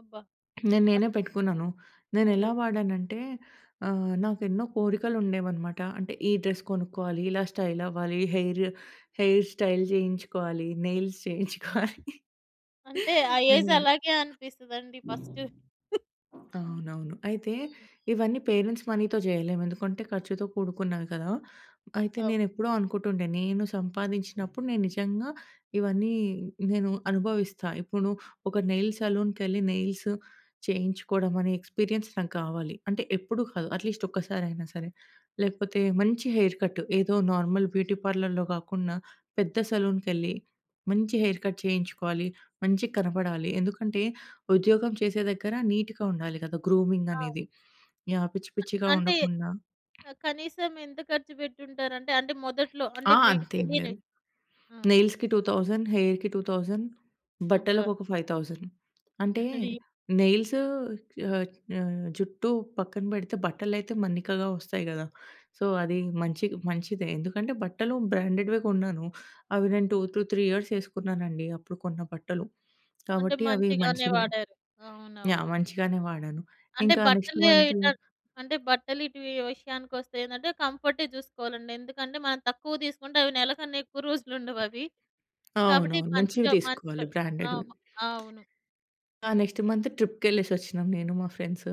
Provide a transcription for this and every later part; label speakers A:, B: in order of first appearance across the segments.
A: అబ్బా!
B: నేను నేనే
A: ఆక్
B: పెట్టుకున్నాను. నేనెలా
A: అయ్యో!
B: వాడానంటే, ఆహ్, నాకెన్నో కోరికలు ఉండేవన్నమాట. అంటే ఈ డ్రెస్ కొనుక్కోవాలి ఇలా స్టైల్ అవ్వాలి ఈ హెయిర్, హెయిర్ స్టైల్ జేయించుకోవాలి నెయిల్స్ జేయించుకోవాలి
A: అంటే ఆ ఏజ్
B: అని.
A: అలాగే అనిపిస్తదండి ఫస్ట్.
B: అవునవును. అయితే,
A: హ్మ్.
B: ఇవన్నీ పేరెంట్స్ మనీతో జేయలేం. ఎందుకంటే, ఖర్చుతో కూడుకున్నవి గదా! అయితే
A: ఓహ్!
B: నేనెప్పుడో అనుకుంటుండే నేను సంపాదించినప్పుడు నేను నిజంగా ఇవన్నీ నేను అనుభవిస్తా. ఇప్పుడు ఒక నెయిల్స్ సెలూన్‌కెళ్లి నెయిల్స్ చేయించుకోవడం అనే ఎక్స్‌పీరియన్స్ నాకు గావాలి. అంటే ఎప్పుడూ కాదు. అట్లీస్ట్ ఒక్కసారి అయినా సరే. లేకపోతే మంచి హెయిర్ కట్. ఏదో నార్మల్ బ్యూటీ పార్లర్‌లో గాకుండా, పెద్ద సలూన్‌కెళ్లి మంచి హెయిర్ కట్ చేయించుకోవాలి. మంచిగా కనపడాలి ఎందుకంటే, ఉద్యోగం చేసే దగ్గర నీట్‌గా ఉండాలి గదా! గ్రూమింగ్
A: ఆ!
B: అనేది. యాహ్! పిచ్చి
A: అ
B: పిచ్చిగా
A: అంటే
B: ఉండకుండా.
A: ఆహ్, కనీసం ఎంత ఖర్చు బెట్టుంటారంటే, అంటే మొదట్లో అంటే
B: ఆ!
A: మీకు
B: అంతేం లేదు.
A: తెలియనివి? ఆ!
B: నెయిల్స్‌కి 2,000 హెయిర్‌కి 2000
A: అబ్బా!
B: బట్టలకు ఒక 5,000 అంటే
A: రీ
B: నెయిల్స్ ఆహ్, ఆహ్, జుట్టు పక్కన బెడితే బట్టలైతే మన్నికగా ఒస్తాయి గదా! సో, అది మంచి మంచిదే. ఎందుకంటే, బట్టలు బ్రాండెడ్వే గొన్నాను. అవి నేను 2 టూ 3 ఇయర్స్ ఎసుకున్నానండి. అప్పుడు కొన్న బట్టలు.
A: అంటే
B: కాబట్టి అవి
A: మంచిగానే
B: మంచివే
A: వాడారు.
B: యాహ్!
A: అవునవును.
B: మంచిగానే వాడాను.
A: అంటే
B: ఇంకా నెక్స్ట్
A: బట్టలే
B: మంతు
A: ఎటన్ అంటే బట్టలు ఇటు వీ విషయానికి ఒస్తే ఏందంటే, కంఫర్టే జూసుకోవాలండి. ఎందుకంటే, మనం తక్కువ దీసుకుంటే అవి నెలకన్నా ఎక్కువ రోజులు ఉండవవి. కాబట్టి
B: అవునవును. మంచివి
A: మంచిగా మంచి
B: దీసుకోవాలి
A: ఆహ్,
B: బ్రాండ్‌డ్‌వి.
A: మ ఆ! అవును.
B: ఆ నెక్స్ట్ మంత్ ట్రిప్‌కెళ్ళేసి ఒచ్చినాం నేను మా ఫ్రెండ్సు.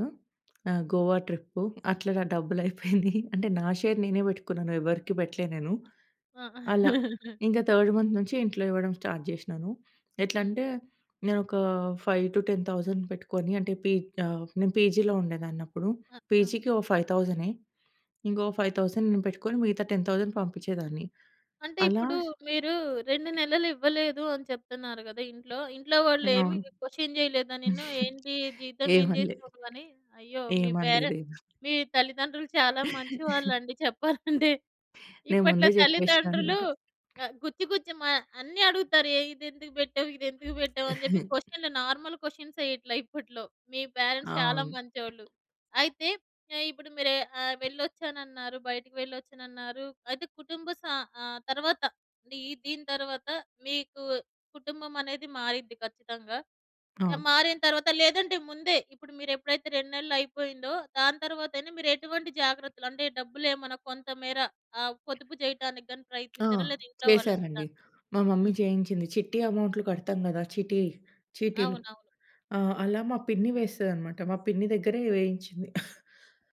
B: ఆహ్, గోవా ట్రిప్పు అట్లా నా డబ్బులు అయిపోయినియి. అంటే నా షేర్ నేనే బెట్టుకున్నాను ఎవరికీ బెట్టలే నేను.
A: ఆ!
B: అలా. ఇంకా థర్డ్ మంత్ నుంచి ఇంట్లో ఇవ్వడం స్టార్ట్ చేషినాను.
A: హ్మ్.
B: ఎట్లంటే నేను ఒక 5- 10000 పెట్టుకొని. అంటే పీ ఆహ్, నేను పీజీలో ఉండేదాన్నప్పుడు.
A: ఆ! ఆ!
B: పీజీకి ఓహ్, ఫైవ్ థౌసంనె ఇంకో 5,000 నేను పెట్టుకొని మిగతా 10,000 పంపించేదాన్ని.
A: అంటే
B: అలా
A: ఇప్పుడు, మీరు 2 నెలలు ఇవ్వలేదు అని చెప్తున్నారు కదా ఇంట్లో. ఇంట్లో
B: ఆ!
A: వాళ్ళు ఏమి
B: అవును.
A: క్వశ్చన్ జేయలేదా నిన్ను? ఏంటి జీతం ఏం
B: ఏమనలే.
A: జేసావు నువ్వని? అయ్యో! మీ
B: ఏమనలేదు.
A: పేరెంట్స్
B: ఎమ
A: మీ తల్లిదండ్రులు చాలా మంచివాళ్ళు అండి చెప్పాలంటే.
B: నేను
A: ఇప్పట్లో
B: ముందే జెప్పేసినా
A: తల్లిదండ్రులు
B: అన్నమాట.
A: ఆహ్, గుచ్చి గుచ్చి మ అన్నీ అడుగుతారు. ఏ ఇదెందుకు బెట్టావు. ఇది ఎందుకు బెట్టావు అని జెప్పి క్వశ్చన్లు నార్మల్ క్వశ్చన్స్ ఏయట్లే ఇప్పట్లో. మీ పేరెంట్స్ చాలా
B: అవును.
A: మంచోళ్ళు. అయితే ఆహ్, ఇప్పుడు మీరు ఆహ్, వెళ్లొచ్చానన్నారు, బయటకి వెళ్ళొచ్చానన్నారు అయితే కుటుంబ స ఆహ్, తరువాత అంటే ఈ దీని తర్వాత, మీకు కుటుంబం అనేది మారిద్ది ఖచ్చితంగా. ఆహ్,
B: అవును.
A: మారిన తర్వాత లేదంటే ముందే, ఇప్పుడు మీరు ఎప్పుడైతే 2 నెలలు అయిపోయిందో. దాని తరువాత అయినా మీరు ఎటువంటి జాగ్రత్తలు. అంటే డబ్బులేమన్నా కొంతమేర ఆహ్, పొదుపు జేయటానికి గాని
B: ఆ!
A: ప్రయత్నించారా? లేదా ఇంట్లో వాళ్ళకి కా
B: చేసానండి. మా మమ్మీ
A: హ్మ్.
B: జేయించింది. చిట్టి అమౌంట్లు కడతాం గదా చిటీ. చీటీలు
A: అవునవును.
B: ఆహ్,
A: హ్మ్.
B: అలా మా పిన్ని వేస్తది అనమాట. మా పిన్ని దగ్గరే వేయించింది.